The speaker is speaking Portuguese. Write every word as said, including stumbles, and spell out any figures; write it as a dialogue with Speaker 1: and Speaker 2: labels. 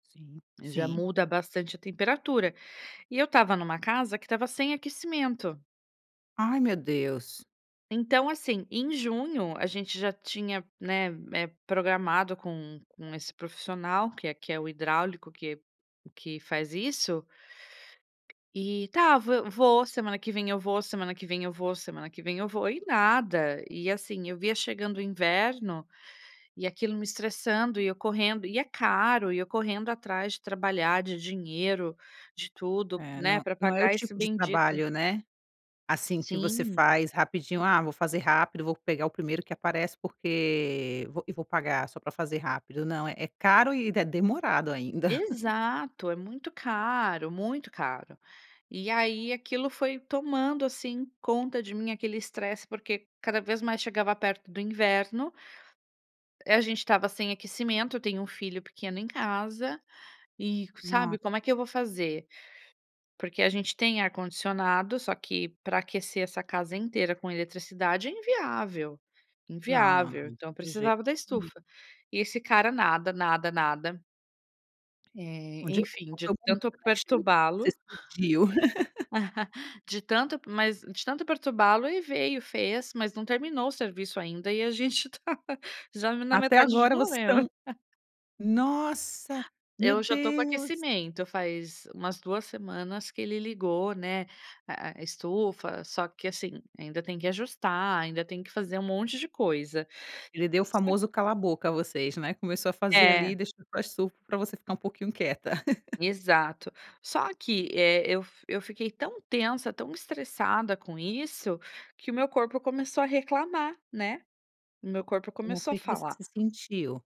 Speaker 1: Sim,
Speaker 2: Já
Speaker 1: sim.
Speaker 2: muda bastante a temperatura. E eu estava em uma casa que estava sem aquecimento.
Speaker 1: Ai meu Deus.
Speaker 2: Então assim, em junho, a gente já tinha, né, eh, programado com com esse profissional, que é que é o hidráulico que que faz isso. E tá, vou, semana que vem eu vou, semana que vem eu vou, semana que vem eu vou, e nada. E assim, via chegando o inverno, e aquilo me estressando e eu correndo, e é caro, e eu correndo atrás de trabalhar, de dinheiro, de tudo,
Speaker 1: É
Speaker 2: né,
Speaker 1: não,
Speaker 2: pra
Speaker 1: não é o
Speaker 2: pagar esse
Speaker 1: tipo de
Speaker 2: bendito.
Speaker 1: trabalho, né. Assim que você
Speaker 2: Sim.
Speaker 1: faz rapidinho: "Ah, vou fazer rápido vou pegar o primeiro que aparece, porque vou e vou pagar, só para fazer rápido", não é é caro e é demorado ainda.
Speaker 2: Exato, é muito caro, muito caro. E aí aquilo foi tomando, assim, conta de mim aquele estresse, porque cada vez mais chegava perto do inverno a gente estava sem aquecimento, eu tenho um filho pequeno em casa, e sabe
Speaker 1: [unintelligible]
Speaker 2: como é que eu vou fazer? Porque a gente tem ar condicionado só que para aquecer essa casa inteira com eletricidade é inviável,
Speaker 1: Não, não, não,
Speaker 2: inviável, então eu
Speaker 1: de jeito
Speaker 2: precisava da
Speaker 1: nenhum.
Speaker 2: estufa. E esse cara nada, nada, nada. Eh, enfim, de tanto
Speaker 1: [unintelligible]
Speaker 2: perturba-lo de tanto mas, de tanto perturba-lo e veio, fez, mas não terminou o serviço ainda, e a gente tá, já na m
Speaker 1: Até
Speaker 2: metade de
Speaker 1: agora vocês
Speaker 2: novembro.
Speaker 1: estão nossa, meu
Speaker 2: Eu já estou com
Speaker 1: Deus.
Speaker 2: aquecimento, faz umas duas semanas que ele ligou, né, eh, estufa, só que assim, ainda tem que ajustar, ainda tem que fazer um monte de coisa.
Speaker 1: Ele deu o
Speaker 2: É.
Speaker 1: famoso cala boca a vocês, né, começou a fazer
Speaker 2: É.
Speaker 1: ali deixou [unintelligible] para você ficar um pouquinho quieta.
Speaker 2: Exato. Só que, eh, eu eu fiquei tão tensa, tão estressada com isso, que o meu corpo começou a reclamar, né. O meu corpo
Speaker 1: Como
Speaker 2: começou a
Speaker 1: foi que você
Speaker 2: falar.
Speaker 1: se sentiu?